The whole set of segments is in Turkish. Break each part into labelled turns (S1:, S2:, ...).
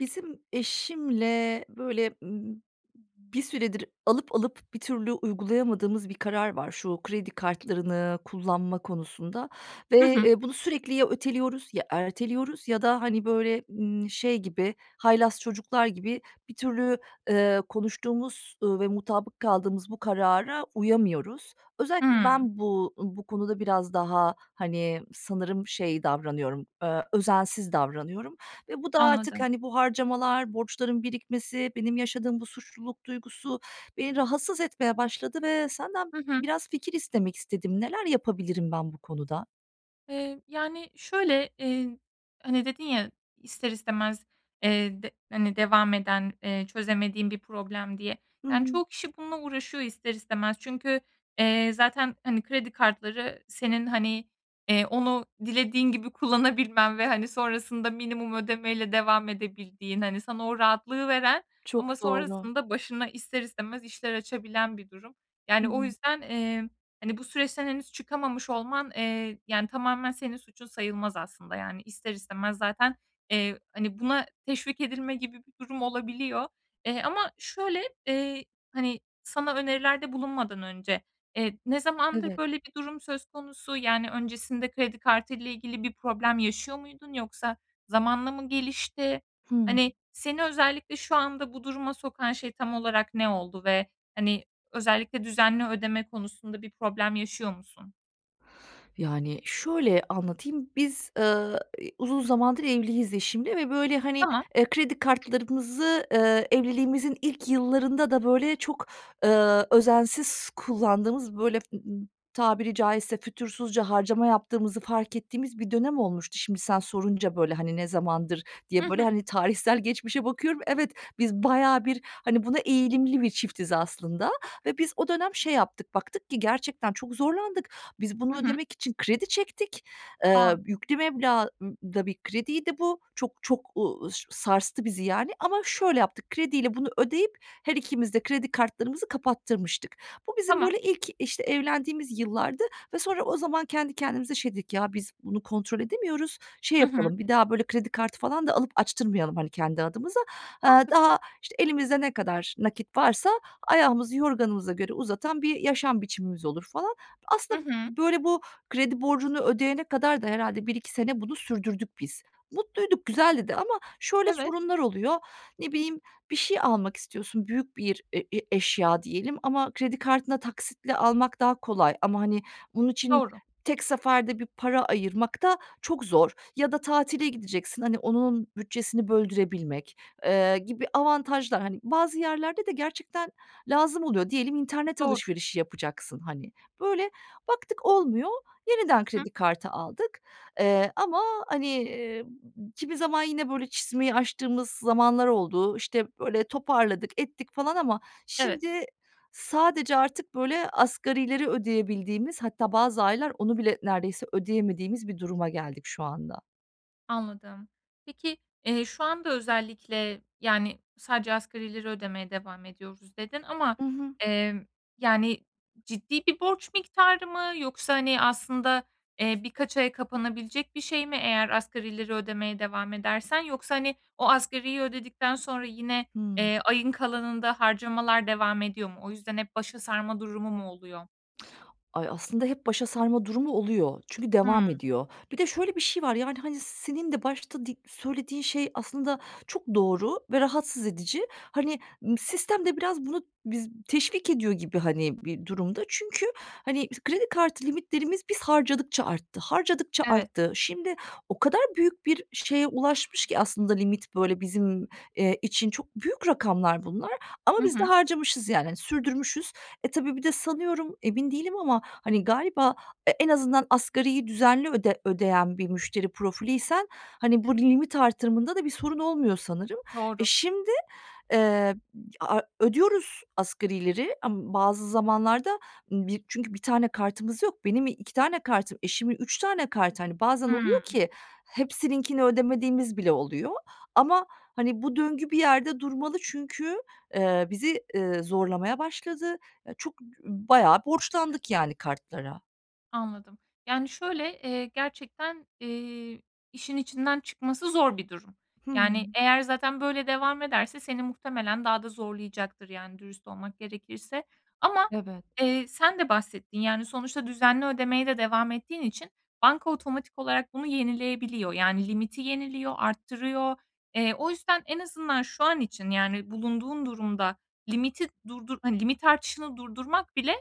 S1: Bizim eşimle böyle, ımm, bir süredir alıp alıp, bir türlü uygulayamadığımız bir karar var şu kredi kartlarını kullanma konusunda
S2: Hı
S1: ve,
S2: hı.
S1: eee, bunu sürekli ya öteliyoruz ya erteliyoruz ya da, hani, böyle, ımm, şey gibi haylaz çocuklar gibi bir türlü, eee, konuştuğumuz, ııı, ve mutabık kaldığımız bu karara uyamıyoruz. Özellikle
S2: Hıı.
S1: ben bu bu konuda biraz daha, hani, sanırım şey davranıyorum, eee, özensiz davranıyorum ve bu da artık,
S2: Anladım.
S1: hani, bu harcamalar, borçların birikmesi, benim yaşadığım bu suçluluk duygusu beni rahatsız etmeye başladı ve senden
S2: Hı hı.
S1: biraz fikir istemek istedim. Neler yapabilirim ben bu konuda?
S2: Eee, yani, şöyle, iii, hani, dedin ya ister istemez, eee, de hani, devam eden, eee, çözemediğin bir problem diye.
S1: Hı
S2: Yani,
S1: hı.
S2: çoğu kişi bununla uğraşıyor ister istemez. Çünkü, eee, zaten, hani, kredi kartları senin, hani, eee, onu dilediğin gibi kullanabilmen ve, hani, sonrasında minimum ödeme ile devam edebildiğin, hani, sana o rahatlığı veren
S1: Çok
S2: ama
S1: doğru.
S2: sonrasında başına ister istemez işler açabilen bir durum.
S1: Hı
S2: Yani, o
S1: hı.
S2: yüzden, emm, hani, bu süreçten henüz çıkamamış olman, eee, yani, tamamen senin suçun sayılmaz aslında. Yani, ister istemez zaten, eee, hani, buna teşvik edilme gibi bir durum olabiliyor. Eee, ama şöyle, eee, hani, sana önerilerde bulunmadan önce, eee, ne zamandır
S1: Evet.
S2: böyle bir durum söz konusu, yani, öncesinde kredi kartı ile ilgili bir problem yaşıyor muydun? Yoksa zamanla mı gelişti?
S1: Hıı.
S2: Hani ,seni özellikle şu anda bu duruma sokan şey tam olarak ne oldu ve, hani, özellikle düzenli ödeme konusunda bir problem yaşıyor musun?
S1: Yani şöyle anlatayım. Biz, eee, iii, uzun zamandır evliyiz eşimle ve böyle, hani,
S2: Tamam.
S1: eee, kredi kartlarımızı, eee, evliliğimizin ilk yıllarında da böyle çok, ııı, özensiz kullandığımız, böyle, tabiri caizse, fütursuzca harcama yaptığımızı fark ettiğimiz bir dönem olmuştu. Şimdi sen sorunca böyle, hani, ne zamandır
S2: Hı
S1: diye böyle,
S2: hı.
S1: hani, tarihsel geçmişe bakıyorum, evet, biz bayağı bir, hani, buna eğilimli bir çiftiz, aslında. Ve biz o dönem şey yaptık, baktık ki gerçekten çok zorlandık. Biz
S2: Hı
S1: bunu
S2: hı.
S1: ödemek için kredi çektik. Eee,
S2: A!
S1: yüklü meblağ ı da bir krediydi bu. Çok çok, uuu, ş sarstı bizi, yani, ama şöyle yaptık. Krediyle bunu ödeyip her ikimiz de kredi kartlarımızı kapattırmıştık. Bu bizim
S2: Tamam.
S1: böyle ilk, işte, evlendiğimiz yıllardı ve sonra o zaman kendi kendimize şey dedik: “Ya, biz bunu kontrol edemiyoruz, şey
S2: Hı hı.
S1: yapalım, bir daha böyle kredi kartı falan da alıp açtırmayalım, hani, kendi adımıza. Eee,
S2: Mantıklı.
S1: daha, işte, elimizde ne kadar nakit varsa, ayağımızı yorganımıza göre uzatan bir yaşam biçimimiz olur.” falan.
S2: Hı
S1: Aslında,
S2: hı.
S1: böyle, bu kredi borcunu ödeyene kadar da herhâlde 1-2 sene bunu sürdürdük, biz. Mutluyduk, güzeldi de ama şöyle
S2: Evet.
S1: sorunlar oluyor. Ne bileyim, bir şey almak istiyorsun, büyük bir e e eşya diyelim ama kredi kartına taksitle almak daha kolay ama hani, bunun için
S2: Doğru.
S1: tek seferde bir para ayırmak da çok zor. Ya da tatile gideceksin, hani, onun bütçesini böldürebilmek, eee, gibi avantajlar. Hani, bazı yerlerde de gerçekten lazım oluyor. Diyelim, internet
S2: Doğru.
S1: alışverişi yapacaksın, hani. Böyle, baktık olmuyor, yeniden
S2: Hı hı.
S1: kredi kartı aldık, eee, ama hani, eee, kimi zaman yine böyle çizmeyi açtığımız zamanlar oldu. İşte, böyle toparladık ettik, falan ama
S2: Evet.
S1: şimdi sadece artık böyle asgarileri ödeyebildiğimiz hatta bazı aylar onu bile neredeyse ödeyemediğimiz bir duruma geldik, şu anda.
S2: Anladım. Peki, eee, şu anda özellikle, yani, sadece asgarileri ödemeye devam ediyoruz, dedin. Ama,
S1: Hı hı.
S2: emm, yani, ciddi bir borç miktarı mı yoksa, hani, aslında, eee, birkaç aya kapanabilecek bir şey mi eğer asgarileri ödemeye devam edersen? Yoksa, hani, o asgariyi ödedikten sonra yine,
S1: Hımm.
S2: eee, ayın kalanında harcamalar devam ediyor mu? O yüzden hep başa sarma durumu mu oluyor?
S1: Ay, aslında hep başa sarma durumu oluyor. Çünkü devam
S2: Hımm.
S1: ediyor. Bir de şöyle bir şey var: Yani, hani, senin de başta di söylediğin şey aslında çok doğru ve rahatsız edici. Hani, ımm, sistem de biraz bunu bize teşvik ediyor gibi, hani, bir durumda. Çünkü, hani, kredi kartı limitlerimiz biz harcadıkça arttı, harcadıkça
S2: Evet.
S1: arttı. Şimdi o kadar büyük bir şeye ulaşmış ki aslında limit, böyle, bizim, eee, için çok büyük rakamlar bunlar ama
S2: Hı
S1: biz
S2: hı.
S1: de harcamışız, yani sürdürmüşüz. E, tabii bir de sanıyorum, emin değilim ama hani galiba e en azından asgariyi düzenli öde ödeyen bir müşteri profiliysen, hani, burada limit artırımında da bir sorun olmuyor sanırım. E,
S2: Doğru.
S1: şimdi, eee, a a ödüyoruz asgarileri ama bazı zamanlarda bi çünkü bir tane kartımız yok. Benim i iki tane kartım, eşimin 3 tane kartı, hani, bazen oluyor
S2: Hımm.
S1: ki hepsininkini ödemediğimiz bile oluyor ama, hani, bu döngü bir yerde durmalı çünkü, eee, bizi, eee, zorlamaya başladı. Çok, b bayağı borçlandık yani kartlara.
S2: Anladım, yani, şöyle, eee, gerçekten, eee, işin içinden çıkması zor bir durum. Yani,
S1: Hımm.
S2: eğer zaten böyle devam ederse seni muhtemelen daha da zorlayacaktır. Yani, dürüst olmak gerekirse ama,
S1: Evet.
S2: eee, sen de bahsettin, yani, sonuçta düzenli ödemeye de devam ettiğin için banka otomatik olarak bunu yenileyebiliyor. Yani, limiti yeniliyor, arttırıyor. Eee, o yüzden en azından şu an için, yani, bulunduğun durumda limiti durdur hani, limit artışını durdurmak bile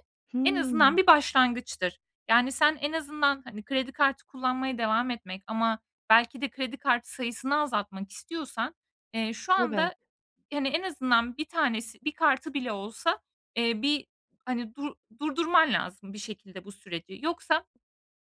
S2: en azından
S1: Hımm.
S2: bir başlangıçtır. Yani, sen en azından, hani, kredi kartı kullanmaya devam etmek ama belki de kredi kartı sayısını azaltmak istiyorsan, eee, şu
S1: Evet.
S2: anda, hani, en azından 1 tanesi, 1 kartı bile olsa, eee, bir, hani, dur durdurman lazım, bir şekilde bu süreci. Yoksa,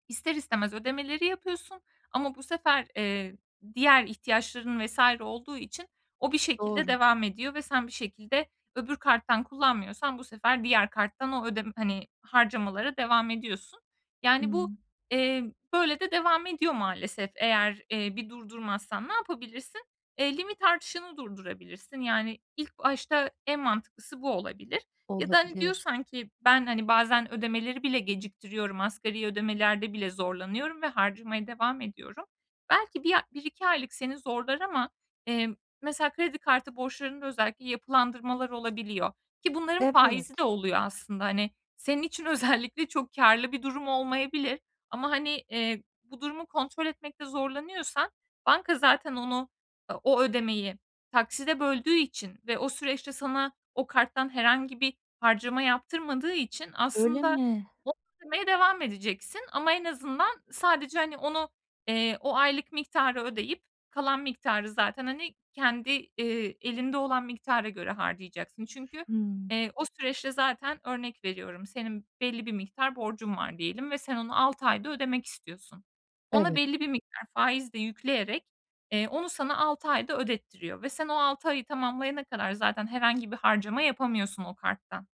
S2: ister istemez ödemeleri yapıyorsun ama bu sefer, eee, diğer ihtiyaçların vs. olduğu için o bir şekilde
S1: Doğru.
S2: devam ediyor ve sen bir şekilde öbür karttan kullanmıyorsan bu sefer diğer karttan o ödem hani, harcamalara devam ediyorsun. Yani, bu,
S1: Hımm.
S2: eee, böyle de devam ediyor maalesef, eğer, eee, bir durdurmazsan. Ne yapabilirsin? Eee, limit artışını durdurabilirsin. Yani, ilk başta en mantıklısı bu olabilir. Ya da, hani,
S1: Olabilir.
S2: diyorsan ki ben, hani, bazen ödemeleri bile geciktiriyorum, asgari ödemelerde bile zorlanıyorum ve harcamaya devam ediyorum. Belki bir a 1-2 aylık seni zorlar ama, eee, mesela, kredi kartı borçlarında özellikle yapılandırmalar olabiliyor ki bunların faizi de
S1: Evet.
S2: oluyor, aslında. Hani, senin için özellikle çok kârlı bir durum olmayabilir. Ama, hani, eee, bu durumu kontrol etmekte zorlanıyorsan banka zaten onu, eee, o ödemeyi takside böldüğü için ve o süreçte sana o karttan herhangi bir harcama yaptırmadığı için
S1: Öyle
S2: aslında
S1: mi?
S2: o ödemeye devam edeceksin. Ama en azından sadece, hani, onu, eee, o aylık miktarı ödeyip kalan miktarı zaten, hani, kendi, eee, elinde olan miktara göre harcayacaksın. Çünkü,
S1: Hımm.
S2: eee, o süreçte zaten örnek veriyorum senin belli bir miktar borcun var diyelim ve sen onu 6 ayda ödemek istiyorsun. Ona
S1: Evet.
S2: belli bir miktar faiz de yükleyerek, eee, onu sana 6 ayda ödettiriyor ve sen o 6 ayı tamamlayana kadar zaten herhangi bir harcama yapamıyorsun o karttan.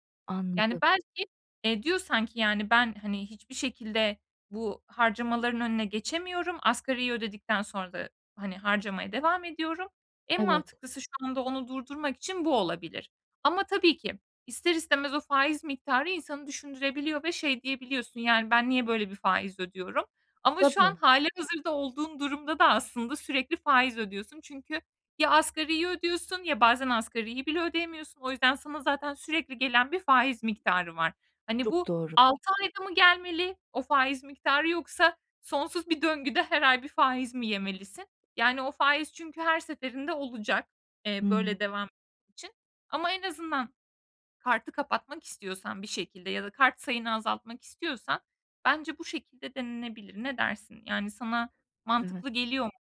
S2: Yani,
S1: Anladım.
S2: belki, eee, diyorsan ki, yani, ben, hani, hiçbir şekilde bu harcamaların önüne geçemiyorum, asgariyi ödedikten sonra da, hani, harcamaya devam ediyorum. En
S1: Evet.
S2: mantıklısı şu anda onu durdurmak için bu olabilir. Ama tabii ki ister istemez o faiz miktarı insanı düşündürebiliyor ve şey diyebiliyorsun, yani, ben niye böyle bir faiz ödüyorum? Ama şu an
S1: Tabii.
S2: hâlihazırda olduğun durumda da aslında sürekli faiz ödüyorsun. Çünkü ya asgariyi ödüyorsun ya bazen asgariyi bile ödeyemiyorsun. O yüzden sana zaten sürekli gelen bir faiz miktarı var. Hani
S1: Çok
S2: bu
S1: doğru.
S2: 6 ayda mı gelmeli o faiz miktarı yoksa sonsuz bir döngüde her ay bir faiz mi yemelisin? Yani, o faiz çünkü her seferinde olacak, eee,
S1: Hımm.
S2: böyle devam için ama en azından kartı kapatmak istiyorsan bir şekilde ya da kart sayını azaltmak istiyorsan bence bu şekilde denenebilir. Ne dersin? Yani, sana
S1: Evet.
S2: mantıklı geliyor mu?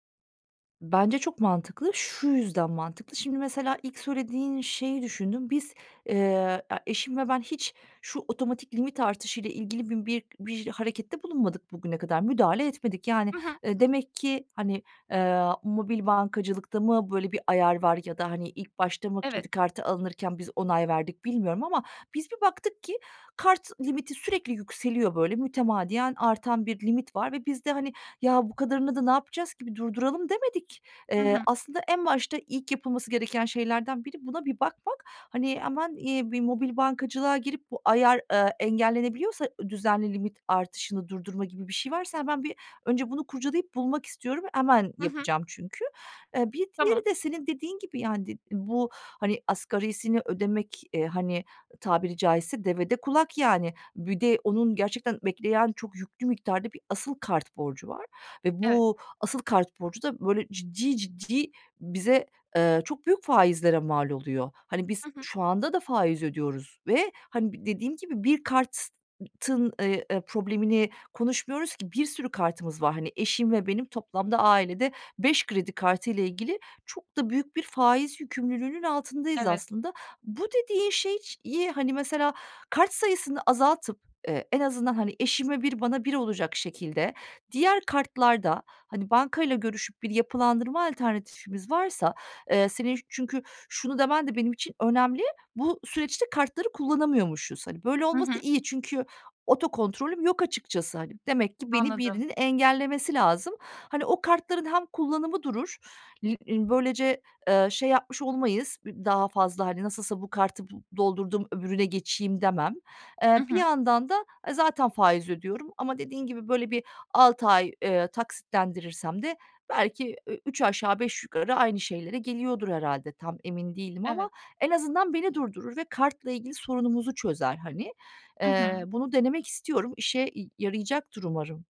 S1: Bence çok mantıklı. Şu yüzden mantıklı. Şimdi mesela ilk söylediğin şeyi düşündüm. Biz, eee, e eşim ve ben hiç şu otomatik limit artışıyla ilgili bi bir bir harekette bulunmadık bugüne kadar, müdahale etmedik. Yani,
S2: Hı hı.
S1: eee, demek ki, hani, eee, mobil bankacılıkta mı böyle bir ayar var ya da, hani, ilk başta mı
S2: Evet.
S1: kredi kartı alınırken biz onay verdik, bilmiyorum ama biz bir baktık ki kart limiti sürekli yükseliyor, böyle, mütemadiyen artan bir limit var ve biz de, hani, ya bu kadarını da ne yapacağız ki, bir durduralım demedik.
S2: Hı
S1: Eee,
S2: hı.
S1: aslında en başta ilk yapılması gereken şeylerden biri buna bir bakmak. Hani, hemen, eee, bir mobil bankacılığa girip bu ayar, eee, engellenebiliyorsa, ııı, düzenli limit artışını durdurma gibi bir şey varsa hemen bir önce bunu kurcalayıp bulmak istiyorum, hemen
S2: Hı hı.
S1: yapacağım çünkü. Eee, bir
S2: Tamam.
S1: diğeri de senin dediğin gibi, yani, did bu, hani, asgarisini ödemek, eee, hani, tabiri caizse devede kulak, yani. Bir de onun gerçekten bekleyen çok yüklü miktarda bir asıl kart borcu var ve
S2: Evet.
S1: bu asıl kart borcu da, böyle, ciddi ciddi bize, eee, çok büyük faizlere mal oluyor. Hani, biz
S2: Hı hı.
S1: şu anda da faiz ödüyoruz ve, hani, b dediğim gibi bir kartın, eee, eee, problemini konuşmuyoruz ki, bir sürü kartımız var. Hani, eşim ve benim toplamda ailede 5 kredi kartıyla ilgili çok da büyük bir faiz yükümlülüğünün altındayız
S2: Evet.
S1: aslında. Bu dediğin şey ş ye, hani, mesela kart sayısını azaltıp, eee, en azından, hani, eşime 1 bana 1 olacak şekilde diğer kartlarda, hani, bankayla görüşüp bir yapılandırma alternatifimiz varsa, eee, senin çünkü şunu demen de benim için önemli, bu süreçte kartları kullanamıyormuşuz. Hani, böyle
S2: Hı
S1: olması
S2: hı.
S1: iyi çünkü otokontrolüm yok açıkçası. Hani, demek ki beni
S2: Anladım.
S1: birinin engellemesi lazım. Hani, o kartların hem kullanımı durur Lim i böylece, eee, şey yapmış olmayız, [unintelligible] daha fazla, hani, nasılsa bu kartı b doldurdum öbürüne geçeyim demem. Eee,
S2: Hı
S1: bir
S2: hı.
S1: yandan da, eee, zaten faiz ödüyorum ama dediğin gibi, böyle, bir 6 ay, eee, taksitlendirirsem de belki ü üç aşağı beş yukarı aynı şeylere geliyordur, herhâlde. Tam emin değilim
S2: Evet.
S1: ama en azından beni durdurur ve kartla ilgili sorunumuzu çözer, hani.
S2: Hı
S1: Eee,
S2: hı.
S1: bunu denemek istiyorum, işe y yarayacaktır umarım.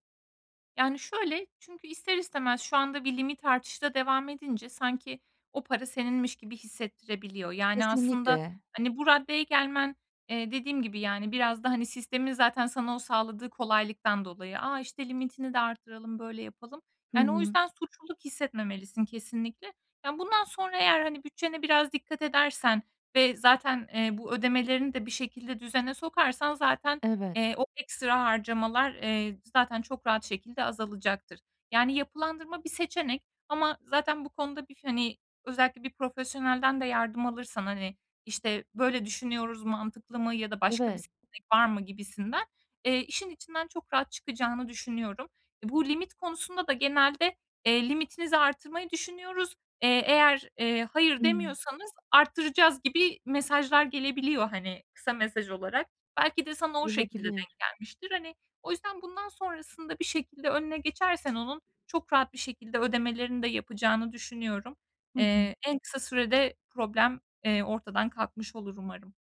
S2: Yani şöyle: Çünkü ister istemez şu anda bir limit artışı da devam edince sanki o para seninmiş gibi hissettirebiliyor. Yani, aslında,
S1: Kesinlikle.
S2: hani, bu raddeye gelmen, eee, dediğim gibi, yani, biraz da, hani, sistemin zaten sana o sağladığı kolaylıktan dolayı. "A, işte, limitini de arttıralım, böyle yapalım."
S1: Hı
S2: Yani o
S1: hı.
S2: yüzden suçluluk hissetmemelisin kesinlikle. Yani, bundan sonra eğer, hani, bütçene biraz dikkat edersen ve zaten, eee, bu ödemelerini de bir şekilde düzene sokarsan zaten,
S1: Evet.
S2: eee, o ekstra harcamalar, eee, zaten çok rahat şekilde azalacaktır. Yani yapılandırma bir seçenek ama zaten bu konuda bir, hani, özellikle bir profesyonelden de yardım alırsan, hani, işte, "Böyle düşünüyoruz mantıklı mı?" ya da "Başka bir
S1: Evet.
S2: seçenek var mı?" gibisinden, eee, işin içinden çok rahat çıkacağını düşünüyorum. Bu limit konusunda da genelde, eee, "Limitinizi artırmayı düşünüyoruz. Eee, eğer, eee, 'hayır'
S1: Hımm.
S2: demiyorsanız arttıracağız." gibi mesajlar gelebiliyor, hani, kısa mesaj olarak. Belki de sana o şekilde
S1: Olabilir.
S2: denk gelmiştir. Hani, o yüzden bundan sonrasında bir şekilde önüne geçersen onun çok rahat bir şekilde ödemelerini de yapacağını düşünüyorum.
S1: Hı hı.
S2: Eee, en kısa sürede problem, eee, ortadan kalkmış olur umarım.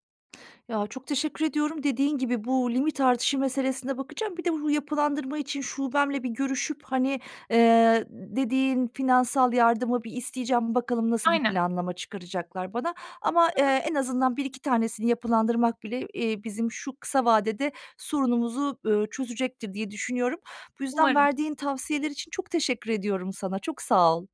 S1: Ya, çok teşekkür ediyorum. Dediğin gibi, bu limit artışı meselesine bakacağım. Bir de bu yapılandırma için şubemle bir görüşüp, hani, eee, dediğin finansal yardımı bir isteyeceğim. Bakalım, nasıl bir
S2: Aynen.
S1: planlama çıkaracaklar bana? Ama,
S2: Hı
S1: eee,
S2: hı.
S1: en azından bir iki tanesini yapılandırmak bile, eee, bizim şu kısa vadede sorunumuzu, eee, çözecektir diye düşünüyorum. Bu yüzden
S2: Umarım.
S1: verdiğin tavsiyeler için çok teşekkür ediyorum sana, çok sağ ol.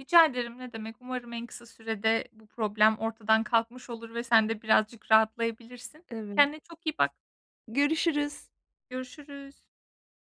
S2: Rica ederim, ne demek. Umarım en kısa sürede bu problem ortadan kalkmış olur ve sen de birazcık rahatlayabilirsin.
S1: Evet.
S2: Kendine çok iyi bak.
S1: Görüşürüz.
S2: Görüşürüz.